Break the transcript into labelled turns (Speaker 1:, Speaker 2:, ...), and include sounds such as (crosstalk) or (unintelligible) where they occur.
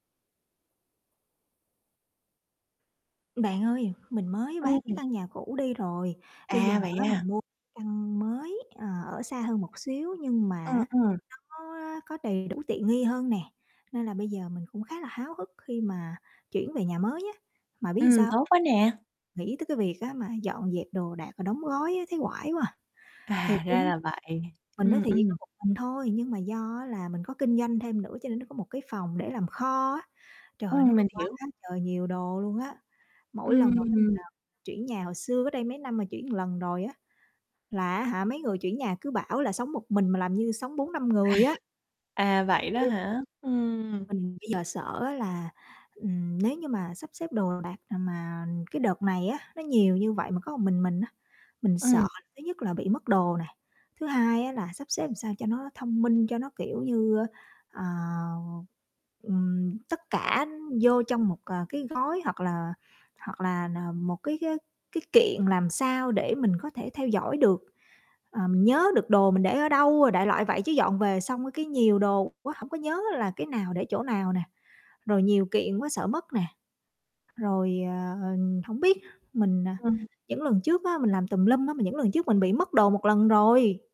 Speaker 1: Bạn ơi, mình mới bán cái
Speaker 2: Ừm.
Speaker 1: căn nhà cũ đi rồi. Bây giờ
Speaker 2: À, vậy
Speaker 1: á,
Speaker 2: à.
Speaker 1: mình mua căn mới, ờ, ở xa hơn một xíu nhưng mà
Speaker 2: Ừm,
Speaker 1: á,
Speaker 2: ừm.
Speaker 1: nó có có đầy đủ tiện nghi hơn nè nên là bây giờ mình cũng khá là háo hức khi mà chuyển về nhà mới á, mà biết sao
Speaker 2: Ừm, tốt
Speaker 1: hông?
Speaker 2: quá nè!
Speaker 1: Nghĩ tới cái việc á, mà dọn dẹp đồ đạc và đóng gói á, thấy oải quá à. Thiệt
Speaker 2: À, ra
Speaker 1: luôn á
Speaker 2: là vậy.
Speaker 1: mình nói
Speaker 2: Ừm,
Speaker 1: thiệt có
Speaker 2: ừm.
Speaker 1: một mình thôi nhưng mà do á là mình có kinh doanh thêm nữa cho nên nó có một cái phòng để làm kho á. Trời ơi, nó
Speaker 2: Ừm,
Speaker 1: có
Speaker 2: mình
Speaker 1: quá
Speaker 2: hiểu.
Speaker 1: quá trời nhiều đồ luôn á. Mỗi lần mà mình,
Speaker 2: Ừm.
Speaker 1: à, chuyển nhà hồi xưa cách đây mấy năm mà chuyển lần rồi á, là á hả, mấy người chuyển nhà cứ bảo là sống một mình mà làm như sống 4-5
Speaker 2: À.
Speaker 1: người á.
Speaker 2: À, vậy đó
Speaker 1: (unintelligible)
Speaker 2: hả? Ừm.
Speaker 1: Mình bây giờ sợ á là, ừm, nếu như mà sắp xếp đồ đạc mà cái đợt này á, nó nhiều như vậy mà có một mình, mình á, mình
Speaker 2: Ừm.
Speaker 1: sợ thứ nhất là bị mất đồ này. Thứ hai á, là sắp xếp làm sao cho nó thông minh, cho nó, kiểu như, ờ, ừm, tất cả vô trong một cái gói hoặc là hoặc là một cái cái cái kiện làm sao để mình có thể theo dõi được. Ờ, mình nhớ được đồ mình để ở đâu rồi, đại loại vậy. Chứ dọn về xong cái nhiều đồ quá hổng có nhớ là cái nào để chỗ nào nè, rồi nhiều kiện quá sợ mất nè. Rồi, ờ, hổng biết mình à,
Speaker 2: Ừm.
Speaker 1: những lần trước á, mình làm tùm lum á mà những lần trước mình bị mất đồ một lần rồi.